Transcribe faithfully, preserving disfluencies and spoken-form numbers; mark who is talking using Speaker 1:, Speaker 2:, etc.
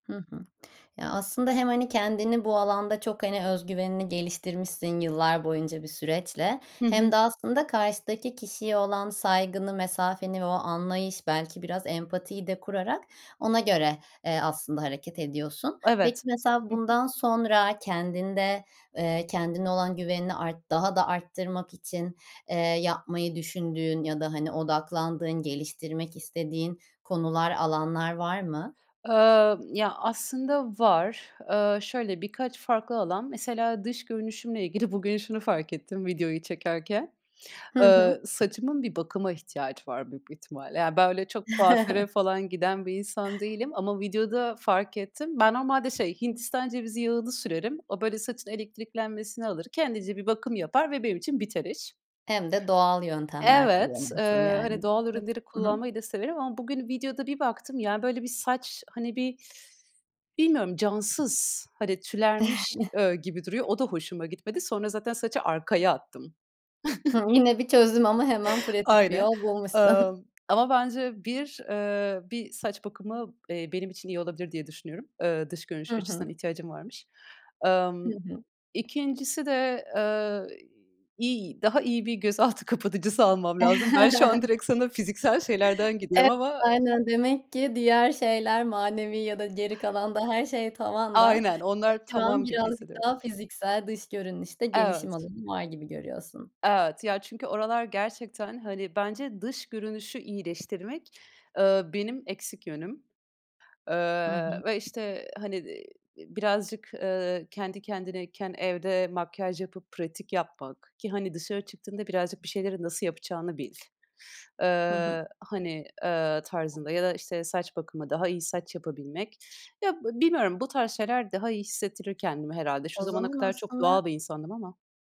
Speaker 1: Hı hı. Ya aslında hem, hani, kendini bu alanda çok, hani, öz güvenini geliştirmişsin yıllar boyunca bir süreçle
Speaker 2: Hı
Speaker 1: hem
Speaker 2: hı.
Speaker 1: de aslında karşıdaki kişiye olan saygını, mesafeni ve o anlayış belki biraz empatiyi de kurarak ona göre, eee, aslında hareket ediyorsun. Peki
Speaker 2: Evet.
Speaker 1: mesela
Speaker 2: Hı hı.
Speaker 1: bundan sonra kendinde, eee, kendine olan güvenini art daha da arttırmak için, eee, yapmayı düşündüğün ya da, hani, odaklandığın, geliştirmek istediğin konular, alanlar var mı?
Speaker 2: Imm, ya aslında var. Iıı, şöyle, birkaç farklı alan. Mesela dış görünüşümle ilgili bugün şunu fark ettim videoyu çekerken.
Speaker 1: Hı
Speaker 2: Iıı,
Speaker 1: hı.
Speaker 2: saçımın bir bakıma ihtiyacı var büyük bir ihtimalle. Ya ben öyle çok kuaföre falan giden bir insan değilim ama videoda fark ettim. Ben normalde şey, Hindistan cevizi yağını sürerim. O böyle saçın elektriklenmesini alır. Kendince bir bakım yapar ve benim için biter iş.
Speaker 1: Hem de doğal yöntemler
Speaker 2: Evet,
Speaker 1: kullanıyorsun
Speaker 2: ııı, hani,
Speaker 1: yani.
Speaker 2: doğal
Speaker 1: Hı.
Speaker 2: ürünleri
Speaker 1: Hı hı.
Speaker 2: kullanmayı da severim ama bugün videoda bir baktım ya böyle bir saç, hani, bir bilmiyorum cansız, hani, tülermiş, eee, gibi duruyor. O da hoşuma gitmedi. Sonra zaten saçı arkaya attım.
Speaker 1: Hıı, yine bir çözüm ama hemen pratik bir
Speaker 2: Aynen.
Speaker 1: yol bulmuşsun.
Speaker 2: Imm, ama bence bir, ııı, bir saç bakımı, eee, benim için iyi olabilir diye düşünüyorum. Iıı, dış
Speaker 1: Hı
Speaker 2: görünüş açısından
Speaker 1: hı.
Speaker 2: ihtiyacım varmış.
Speaker 1: Hı
Speaker 2: Imm
Speaker 1: hı.
Speaker 2: ikincisi de, ııı, iy daha iyi bir gözaltı kapatıcısı almam lazım. Ben şu an direkt sana fiziksel şeylerden gidiyorum
Speaker 1: Evet,
Speaker 2: ama
Speaker 1: aynen demek ki diğer şeyler manevi ya da geri kalan da her şey tavanda.
Speaker 2: Aynen, onlar
Speaker 1: [unintelligible] şu an
Speaker 2: tamam gibi
Speaker 1: birazcık
Speaker 2: hissediyorum.
Speaker 1: daha fiziksel dış görünüşte gelişim
Speaker 2: Evet.
Speaker 1: alanı var gibi görüyorsun.
Speaker 2: Evet, ya çünkü oralar gerçekten, hani, bence dış görünüşü iyileştirmek, ııı, benim eksik yönüm,
Speaker 1: Hı
Speaker 2: ııı,
Speaker 1: hı.
Speaker 2: ve, işte, hani, iii, birazcık, ııı, kendi kendineyken evde makyaj yapıp pratik yapmak ki, hani, dışarı çıktığında birazcık bir şeyleri nasıl yapacağını bil,
Speaker 1: Hı hı.
Speaker 2: ııı, hani, ııı, tarzında ya da işte, saç bakımı, daha iyi saç yapabilmek. Ya b bilmiyorum, bu tarz şeyler daha iyi hissettirir kendimi herhâlde. Şu
Speaker 1: O
Speaker 2: zamana
Speaker 1: zaman
Speaker 2: kadar çok
Speaker 1: aslında
Speaker 2: doğal bir insandım ama.